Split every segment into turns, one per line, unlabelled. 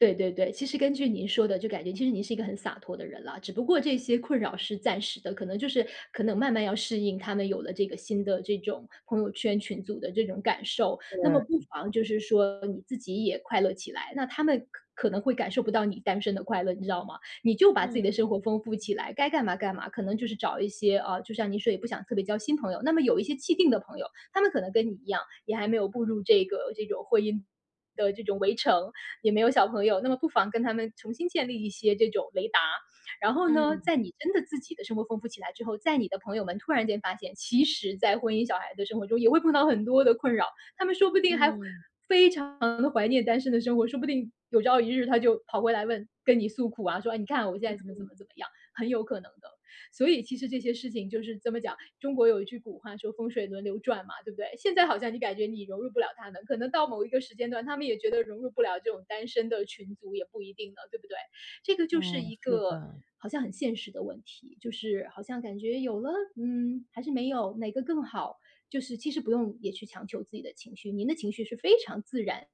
对对对，其实根据您说的，就感觉其实您是一个很洒脱的人啦，只不过这些困扰是暂时的。可能就是可能慢慢要适应她们有了这个新的这种朋友圈、群组的这种感受。那么不
对。
妨就是说你自己也快乐起来，那她们可可能会感受不到你单身的快乐，你知道吗？你就把自
嗯。
己的生活丰富起来，该干嘛干嘛。可能就是找一些啊，就像您说也不想特别交新朋友，那么有一些既定的朋友。她们可能跟你一样，也还没有步入这个这种婚姻的这种围城，也没有小朋友，那么不妨跟她们重新建立一些这种雷达。然后呢，
嗯。
在你真的自己的生活丰富起来之后，在你的朋友们突然间发现，其实在婚姻小孩的生活中，也会碰到很多的困扰。她们说不定还
嗯。
非常地怀念单身的生活，说不定有朝一日她就跑回来问跟你诉苦啊，说：“你看我现在怎么怎
嗯。
么怎么样”，很有可能的。所以其实这些事情就是，怎么讲，中国有一句古话说：“风水轮流转”嘛，对不对？现在好像你感觉你融入不了她们，可能到某一个时间段，她们也觉得融入不了这种单身的群组也不一定呢，对不对？这个就是
嗯，
一
是
个
的。
好像很现实的问题，就是好像感觉有了？嗯，还是没有，哪个更好？就是其实不用也去强求自己的情绪，您的情绪是非常自然，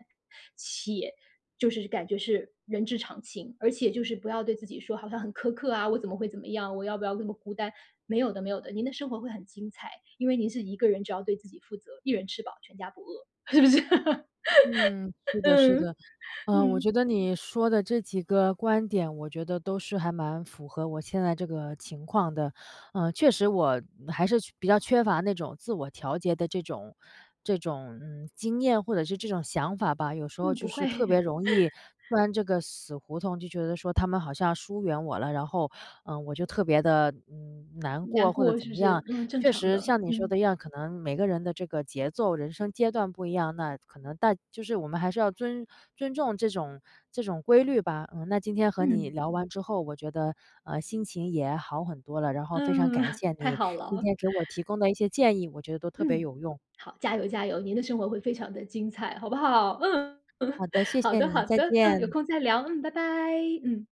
且就是感觉是人之常情。而且就是不要对自己说好像很苛刻啊，我怎么会怎么样，我要不要那么孤单。没有的，没有的，您的生活会很精彩，因为您是一个人，只要对自己负责，一人吃饱全家不饿，是不是？
嗯，是的，是
嗯，
的。呃，我
嗯。
觉得你说的这几个观点，我觉得都是还蛮符合我现在这个情况的。呃，确实我还是缺比较缺乏那种自我调节的这种这种，嗯，经验或者是这种想法吧，有时候
嗯，
就
不会。
是特别 容易钻这个死胡同，就觉得说她们好像疏远我了，然后，呃，我就特别地，嗯，难过
难
或者
过
怎
是
么
不是？
样。
嗯，正
确
常
实
的，
像你说
嗯。
的一样，可能每个人的这个节奏、人生阶段不一样，那可能但就是我们还是要尊尊重这种这种规律吧。嗯，那今天和你
嗯。
聊完之后，我觉得，呃，心情也好很多了，然
嗯，
后非常感 谢
太
你
好
今
了。
天给我提供的一些建议，我觉得都特别
嗯，
有用。
好，加油，加油，您的生活会非常的精彩，好不好？嗯。
好 的，谢
好
谢
的，
你，
好
再
的，嗯，有
见。
空再聊，嗯，拜拜，嗯。